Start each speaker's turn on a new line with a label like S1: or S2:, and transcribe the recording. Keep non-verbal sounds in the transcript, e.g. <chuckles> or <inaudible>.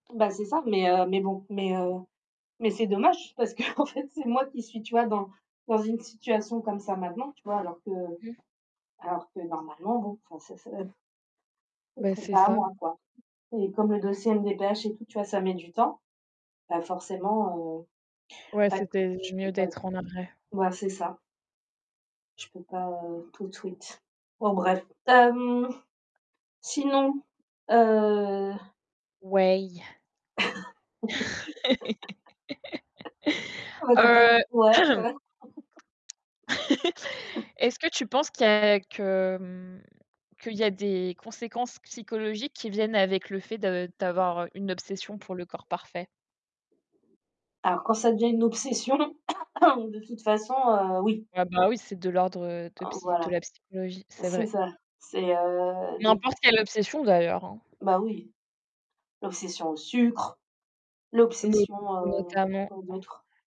S1: Bah c'est ça mais heu, mais bon mais heu, mais c'est dommage, parce qu'en fait, c'est moi qui suis, tu vois? Dans dans une situation comme ça maintenant, tu vois? Alors que
S2: Mmh.
S1: alors que normalement, bon, enfin, ce ce ce
S2: Bah
S1: serait
S2: c'est
S1: pas à
S2: ça.
S1: moi quoi, et comme le dossier MDPH et tout, tu vois? Ça met du temps, bah forcément, heu,
S2: Ouais,
S1: ouais,
S2: c'était
S1: je peux
S2: mieux
S1: pas
S2: d'être en
S1: trop
S2: arrêt.
S1: mouais, c'est ça. Je peux pas, heu, tout de suite. Bon, bref, hem, sinon, heu
S2: Ouais.
S1: <laughs> Ah
S2: <laughs>
S1: bah tu as pas une
S2: Heu
S1: ouais,
S2: <clears throat>
S1: ouais.
S2: <laughs> Est-ce que tu penses, qu'il y
S1: <chuckles>
S2: a que, mmh, qu'il y a des conséquences psychologiques, qui viennent avec le fait de d'avoir une obsession pour le corps parfait?
S1: Alors, quand ça devient une obsession, <coughs> de toute façon, heu, oui.
S2: Ah bah oui, c'est de l'ordre de
S1: En
S2: psy de
S1: voilà.
S2: la psychologie, c'est
S1: C'est
S2: vrai.
S1: ça. C'est, heu, des p t
S2: N'importe quelle obsession d'ailleurs, hein.
S1: Bah oui. L'obsession au sucre,
S2: No
S1: l'obsession heu,
S2: notamment
S1: quoi
S2: en
S1: d'autre?